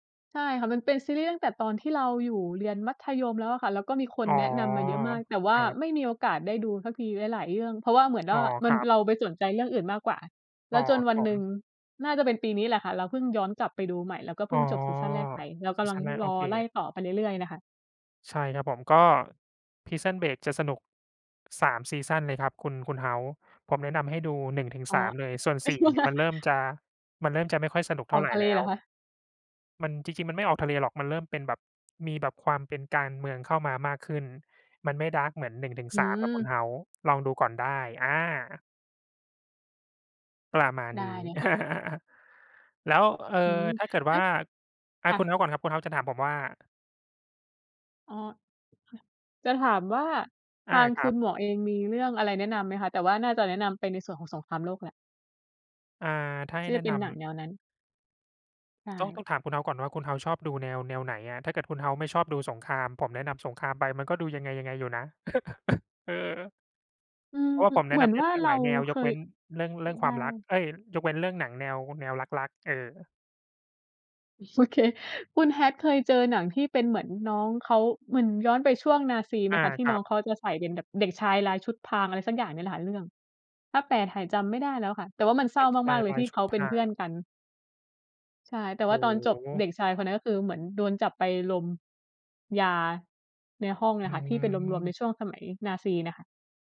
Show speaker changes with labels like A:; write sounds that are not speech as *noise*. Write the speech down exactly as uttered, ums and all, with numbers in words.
A: ใช่ค่ะ มันเป็นซีรีส์ตั้งแต่ตอนที่เราอยู่เรียนมัธยมแล้วอะค่ะ แล้วก็มีคน
B: อ๋อ
A: แนะนำมาเยอะมาก แต่ว
B: ค
A: ่า
B: รับ
A: ไม่มีโอกาสได้ดูสักทีหลาย ๆ เรื่อง เพราะว่าเหมือนว
B: อ๋
A: ่
B: อ
A: า ม
B: ค
A: ัน
B: รับ
A: เราไปสนใจเรื่องอื่นมากกว่า
B: อ
A: แล
B: ๋อ
A: ้วจน
B: ครั
A: ว
B: บ
A: ัน
B: ผ
A: หนึ่ง
B: ม
A: น่าจะเป็นปีนี้แหละค่ะ เราเพิ่งย้อนกลับไปดูใหม่ แล้วก็
B: อ
A: เพ
B: ๋
A: ิ
B: อ
A: ่งจบซีซันแรกไป เราก
B: ซี
A: ำล
B: ซ
A: ัง
B: ีนแรก โ
A: ร
B: อ
A: อ
B: เค
A: ไล่ต่อไปเรื่อย ๆ น่ะค่ะ
B: ใช่ ครับผม ก็ Prison Break จะสนุก สาม ซีซันเลยครับคุณ คุณเฮาส์ ผมแนะนำให้ดู หนึ่ง ถึง
A: อ๋อ
B: สาม เลย ส่วน สี่ นี่
A: *laughs*
B: มันเริ่มจะ มันเริ่มจะไม่ค่อยสนุกเ
A: อ
B: ท่า
A: อก
B: ไร
A: ทะเล
B: แล้
A: เหร
B: ว
A: อคะ?
B: มัน จริง ๆ มันไม่ออกทะเลหรอก มันเริ่มเป็นแบบมีแบบความเป็นการเมืองเข้ามามากขึ้น มันไม่ ดาร์ก เหมือน หนึ่ง ถึง
A: อื
B: สาม ครับคุ
A: ม
B: ณเฮาส์ ลองดูก่อนได้ อา ประมาณ
A: ได้
B: นี้
A: เลยค่ะ
B: *chuckles* แล้ว เอ่อ
A: อืม
B: ถ้าเกิด
A: แล
B: ว
A: ้
B: ่า
A: ว
B: อ
A: ค
B: า
A: ่
B: คุณ
A: ะ
B: ฮาส์ก่อนครับ คุณเฮาส์จะถามผมว่า?
A: อ๋อ ค่ะ จะถามว่า ท
B: อา
A: าง
B: ค
A: ค
B: ร
A: ุ
B: ั
A: ณ
B: บ
A: หมวกเองมีเรื่องอะไรแนะนำไหมคะ? แต่ว่าน่าจะแนะนำไปในส่วนของสงครามโลกแล้ว
B: อ่า ถ้าใ
A: ท
B: ห้
A: ี่จ
B: แนะ
A: ะเป
B: น
A: ็นหนัง
B: ำ
A: แนวนั้น ใช
B: ต้อง ต้
A: ่
B: องถามคุณเฮาส์ก่อนว่า คุณเฮาส์ชอบดูแนว แนวไหนอะ? ถ้าเกิดคุณเฮาส์ไม่ชอบดูสงคราม ผมแนะนำสงครามไปมันก็ดูยังไง ๆ อยู่นะ *laughs* เออ
A: อืม
B: เพราะว่าผมแน
A: เห
B: ะ
A: มื
B: น
A: อน
B: ำได้
A: ว่า
B: หลา
A: เ
B: ย
A: ร
B: ห
A: า
B: ลายแนว
A: เค
B: ยกเว
A: ย
B: ้นเรื่อง เรื่อง
A: ไ
B: ค
A: ด
B: ว
A: ้
B: ามรัก เอ๊ย ยกเว้นเรื่องหนังแนว แนวรัก ๆ เออ
A: โอเค คุณแฮทเคยเจอหนังที่เป็นเหมือนน้องเขา เหมือนย้อนไปช่วงนาซีไห
B: อ
A: ม
B: า
A: คะ? ที่
B: ค
A: น
B: รั
A: ้อ
B: บ
A: งเขาจะใส่เป็นแบบเด็กชายลายชุดพราง อะไรสักอย่างเนี้ยแหละค่ะ เรื่อง ถ้าแปลไทยจำไม่ได้แล้วค่ะ แต่ว่ามันเศร
B: เ
A: ้
B: ด
A: า
B: ็กช
A: ม
B: า
A: าก
B: ย
A: ๆ เล
B: ล
A: ย
B: า
A: ท
B: ย
A: ี่
B: ช
A: เ
B: ุ
A: ข
B: ด
A: า
B: พ
A: เป็น
B: รา
A: เพื่
B: ง
A: อนกัน ใช่ แต่
B: โอ
A: ว
B: ้
A: ่าตอนจบ
B: โ
A: เด
B: ฮ
A: ็กชายคนนั้น ก็คือเหมือนโดนจับไปลมยาในห้อง
B: อ
A: อ
B: ื
A: ะค่ะ ที่เป็นรวม ๆ ใน
B: ม
A: ช่วงสมัยนาซีน่ะค่ะ